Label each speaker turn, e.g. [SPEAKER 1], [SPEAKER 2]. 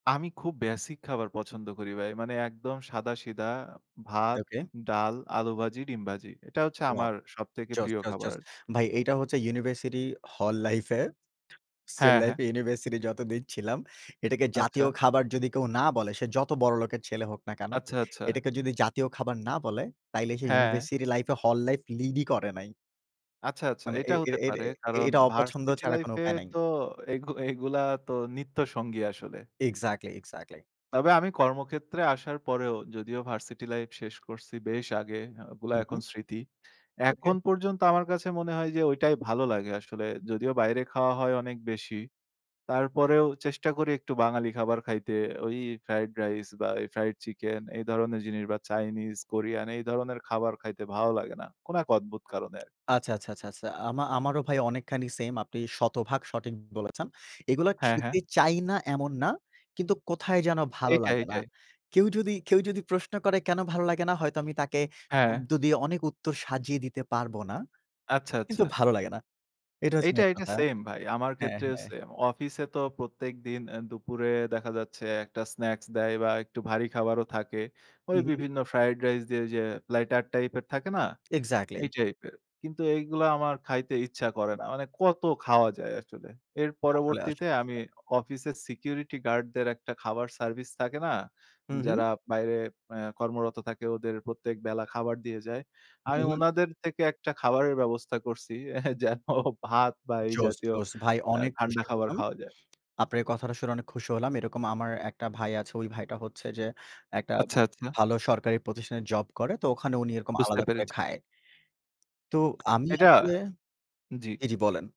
[SPEAKER 1] আমি খুব বেসিক খাবার পছন্দ করি ভাই। মানে একদম সাদা সিধা ভাত,
[SPEAKER 2] ওকে।
[SPEAKER 1] ডাল, আলু ভাজি, ডিম ভাজি। এটা হচ্ছে
[SPEAKER 2] ওয়াও।
[SPEAKER 1] আমার সবথেকে
[SPEAKER 2] জোস,
[SPEAKER 1] প্রিয়
[SPEAKER 2] জোস,
[SPEAKER 1] খাবার।
[SPEAKER 2] জোস। ভাই এইটা হচ্ছে ইউনিভার্সিটি হল লাইফে। হোস্টেল
[SPEAKER 1] হ্যাঁ, হ্যাঁ।
[SPEAKER 2] লাইফে ইউনিভার্সিটি যতদিন ছিলাম, এটাকে
[SPEAKER 1] আচ্ছা।
[SPEAKER 2] জাতীয় খাবার যদি কেউ না বলে সে যত বড়লোকের ছেলে হোক না কেন,
[SPEAKER 1] আচ্ছা, আচ্ছা।
[SPEAKER 2] এটাকে যদি জাতীয় খাবার না বলে তাইলে সে
[SPEAKER 1] হ্যাঁ।
[SPEAKER 2] ইউনিভার্সিটি লাইফে হল লাইফ লিডই করে নাই।
[SPEAKER 1] আচ্ছা, আচ্ছা,
[SPEAKER 2] মানে এ
[SPEAKER 1] এটা
[SPEAKER 2] এ
[SPEAKER 1] হতে
[SPEAKER 2] এটা
[SPEAKER 1] পারে। কারণ
[SPEAKER 2] এটা অপছন্দ
[SPEAKER 1] ভার্সিটি
[SPEAKER 2] ছাড়া কোন
[SPEAKER 1] লাইফে
[SPEAKER 2] উপায় নাই।
[SPEAKER 1] তো এগু এগুলা তো নিত্যসঙ্গী আসলে।
[SPEAKER 2] Exactly, exactly.
[SPEAKER 1] তবে আমি কর্মক্ষেত্রে আসার পরেও যদিও ভার্সিটি লাইফ শেষ করছি বেশ আগে ওগুলা
[SPEAKER 2] হুম,
[SPEAKER 1] এখন
[SPEAKER 2] হুম।
[SPEAKER 1] স্মৃতি।
[SPEAKER 2] ওকে।
[SPEAKER 1] এখন পর্যন্ত আমার কাছে মনে হয় যে ঐটাই ভালো লাগে আসলে যদিও বাইরে খাওয়া হয় অনেক বেশি। তারপরেও চেষ্টা করি একটু বাঙালি খাবার খাইতে ওই ফ্রাইড রাইস বা ফ্রাইড চিকেন এই ধরনের জিনিস বা চাইনিজ কোরিয়ান এই ধরনের খাবার খাইতে ভালো লাগে না। কোন এক অদ্ভুত কারণে।
[SPEAKER 2] আচ্ছা, আচ্ছা, আচ্ছা, আচ্ছা। আমা আমারও ভাই অনেকখানি সেইম আপনি শতভাগ সঠিক বলেছেন। এগুলো
[SPEAKER 1] হ্যাঁ, হ্যাঁ।
[SPEAKER 2] খেতে চাই না এমন না। কিন্তু কোথায় যেন ভালো
[SPEAKER 1] এইটাই,
[SPEAKER 2] লাগে না।
[SPEAKER 1] এইটাই।
[SPEAKER 2] কেউ যদি কেউ যদি প্রশ্ন করে কেন ভালো লাগে না, হয়তো আমি তাকে
[SPEAKER 1] হ্যাঁ।
[SPEAKER 2] শব্দ দিয়ে অনেক উত্তর সাজিয়ে দিতে পারব না
[SPEAKER 1] আচ্ছা, আচ্ছা।
[SPEAKER 2] কিন্তু ভালো লাগে না। এটা হচ্ছে
[SPEAKER 1] এইটা,
[SPEAKER 2] মেইন
[SPEAKER 1] এইটা,
[SPEAKER 2] কথা।
[SPEAKER 1] সেইম ভাই। আমার
[SPEAKER 2] হ্যাঁ,
[SPEAKER 1] ক্ষেত্রেও
[SPEAKER 2] হ্যাঁ।
[SPEAKER 1] সেম। অফিসে তো প্রত্যেকদিন এ দুপুরে দেখা যাচ্ছে একটা স্ন্যাকস দেয় বা একটু ভারী খাবারও থাকে। ঐ
[SPEAKER 2] উহুম।
[SPEAKER 1] বিভিন্ন ফ্রাইড রাইস দিয়ে যে লাইটার টাইপ এর থাকে না?
[SPEAKER 2] এক্সাক্টলি।
[SPEAKER 1] এই টাইপের। কিন্তু এইগুলা আমার খাইতে ইচ্ছা করে না। মানে কত খাওয়া যায় আসলে। এর
[SPEAKER 2] আসলে
[SPEAKER 1] পরবর্তীতে
[SPEAKER 2] আসলে
[SPEAKER 1] আমি
[SPEAKER 2] আসলে
[SPEAKER 1] অফিসের সিকিউরিটি গার্ডদের একটা খাবার সার্ভিস থাকে না।
[SPEAKER 2] হুম, হুম।
[SPEAKER 1] যারা বাইরে এ্যা কর্মরত থাকে ওদের প্রত্যেক বেলা খাবার দিয়ে যায়।
[SPEAKER 2] হুম,
[SPEAKER 1] আমি
[SPEAKER 2] হুম।
[SPEAKER 1] ওনাদের থেকে একটা খাবারের ব্যবস্থা করছি, এ্যা যেন ভাত বা এই
[SPEAKER 2] জোশ,
[SPEAKER 1] জাতীয়
[SPEAKER 2] জোশ ভাই
[SPEAKER 1] এ্যা
[SPEAKER 2] অনেক
[SPEAKER 1] ঠান্ডা
[SPEAKER 2] খুশি
[SPEAKER 1] খাবার
[SPEAKER 2] হলাম।
[SPEAKER 1] খাওয়া যায়।
[SPEAKER 2] আপনার এ কথাটা শুনে অনেক খুশি হলাম। এরকম আমার একটা ভাই আছে, ওই ভাইটা হচ্ছে যে একটা
[SPEAKER 1] আচ্ছা, আচ্ছা।
[SPEAKER 2] ভালো সরকারি প্রতিষ্ঠানে জব করে। তো ওখানে উনি এরকম
[SPEAKER 1] বুঝতে
[SPEAKER 2] আলাদা করে
[SPEAKER 1] পেরেছি।
[SPEAKER 2] খায়। তো আমি
[SPEAKER 1] এটা
[SPEAKER 2] আসলে
[SPEAKER 1] জি।
[SPEAKER 2] জি, জি, বলেন।